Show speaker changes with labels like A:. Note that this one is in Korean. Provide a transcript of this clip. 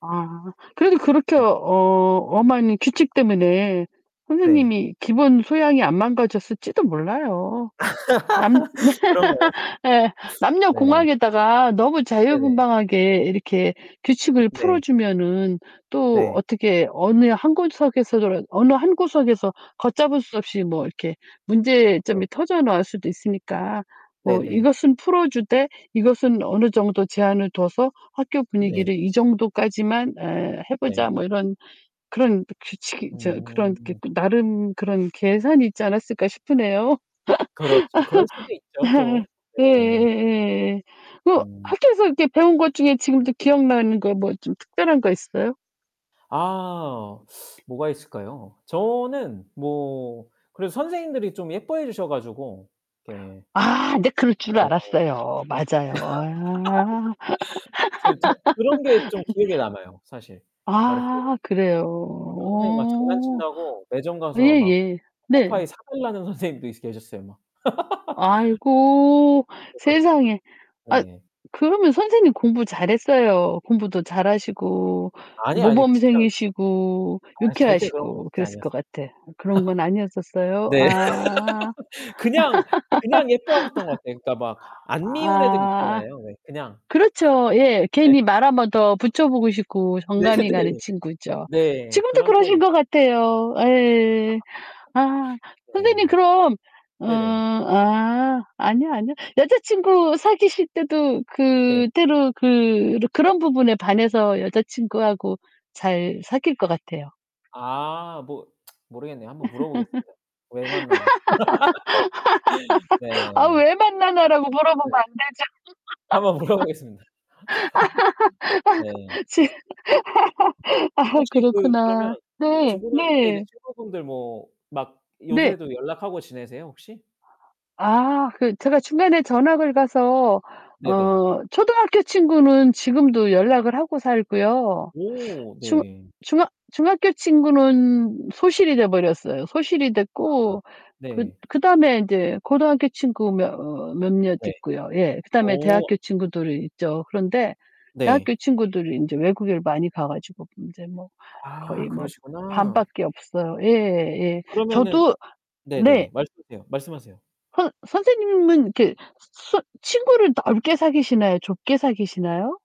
A: 아 그래도 그렇게 어
B: 네.
A: 엄한 규칙 때문에
B: 네.
A: 선생님이 기본 소양이 안 망가졌을지도 몰라요. 남
B: 그런가요?
A: 예
B: 네.
A: 남녀공학에다가 너무
B: 네네.
A: 자유분방하게 이렇게 규칙을 풀어
B: 네.
A: 주면은 또
B: 네.
A: 어떻게 어느 한 구석에서라 어느 한 구석에서 걷잡을 수 없이 뭐 이렇게
B: 네.
A: 문제점이 터져 나올 수도 있으니까 '뭐
B: 네네.
A: 이것은 풀어 주되 이것은 어느 정도 제한을 둬서 학교
B: 네.
A: 분위기를 이 정도까지만 에 해
B: 네.
A: 보자.' 뭐 이런 그런 또 규칙이 저 그런 이렇게
B: 음.
A: 나름 그런 계산이 있지 않았을까 싶으네요.
B: 그렇죠. 그럴 수도 있죠 또. 네.
A: 예예예. 그
B: 음.
A: 학교에서 배운 것 중에 지금도 기억나는 거 뭐 좀 특별한 거 있어요?
B: 아 뭐가 있을까요? 저는 뭐 그래도 선생님들이 좀 예뻐해 주셔 가지고 이렇게
A: 아 근데 그럴
B: 네.
A: 줄 알았어요. 맞아요. 아.
B: 좀 저 그런 게 좀 기억에 남아요 사실. 막 이렇게
A: 아 그래요.
B: 어떤 선생님이 막
A: 어
B: 장난친다고 매점 가서 막
A: 예예. 네.
B: 초코파이 사달라는 선생님도 계셨어요 막.
A: 아이고
B: [unintelligible]
A: 세상에. 아
B: 네.
A: 그러면 선생님 공부 잘했어요. 공부도 잘하시고
B: 아니, 아니. 진짜
A: 모범생이시고
B: 아 절대 그런 거
A: 유쾌하시고
B: 진짜
A: 그랬을 것
B: 아니었어요.
A: 같아. 그런 건 아니었었어요?
B: 네.
A: 아.
B: 그냥, 그냥 예뻐하셨던 것 같아요. 그러니까 막 안 미운 애들
A: 아
B: 있잖아요 왜 그냥.
A: 그렇죠. 예.
B: 네.
A: 괜히 말 한번 더 붙여보고 싶고
B: 네
A: 정감이 가는
B: 네.
A: 친구죠.
B: 네.
A: 지금도
B: 그런
A: 그러신
B: 타입이
A: 것 같아요. 예. 아. 선생님
B: 네.
A: 그럼 음
B: 네네.
A: 아 아니요, 아니요. 여자친구 사귀실 때도
B: 네.
A: 그때도 그렇 그런 부분에 반해서 여자친구하고 잘 사귈 것 같아요.
B: 아 뭐 모르겠네요. 한번 물어보겠습니다 왜 만나나.
A: "아
B: 네.
A: 왜 만나냐."라고
B: 네.
A: 물어보면
B: 한번 물어보겠습니다. 네.
A: 안되죠. 지금 아
B: 혹시 그
A: 그렇구나.
B: 그러면
A: 네.
B: 중고등학교 때 이제
A: 네.
B: 친구분들 뭐 막
A: 네.
B: 요새도 연락하고 지내세요, 혹시?
A: 아 그 제가 중간에 전학을 가서
B: 네네.
A: 어 초등학교 친구는 지금도 연락을 하고 살고요.
B: 오
A: 중
B: 네.
A: 중학 중학교 친구는 소실이 돼 버렸어요. 소실이
B: 아
A: 됐고 그
B: 네.
A: 그다음에 인제 고등학교 친구 며 어 몇몇
B: 네.
A: 있고요. 예. 그다음에
B: 어.
A: 대학교 친구들이 있죠. 그런데 대학교
B: 네.
A: 친구들이 이제 외국에 많이 가 가지고 이제 뭐
B: 아
A: 거의 뭐
B: 그러시구나.
A: 반밖에 없어요. 예 예.
B: 그러면은
A: 저도 네.
B: 네네네. 말씀하세요, 말씀하세요.
A: 선 선생님은 이렇게 그 친 친구를 넓게 사귀시나요? 좁게 사귀시나요?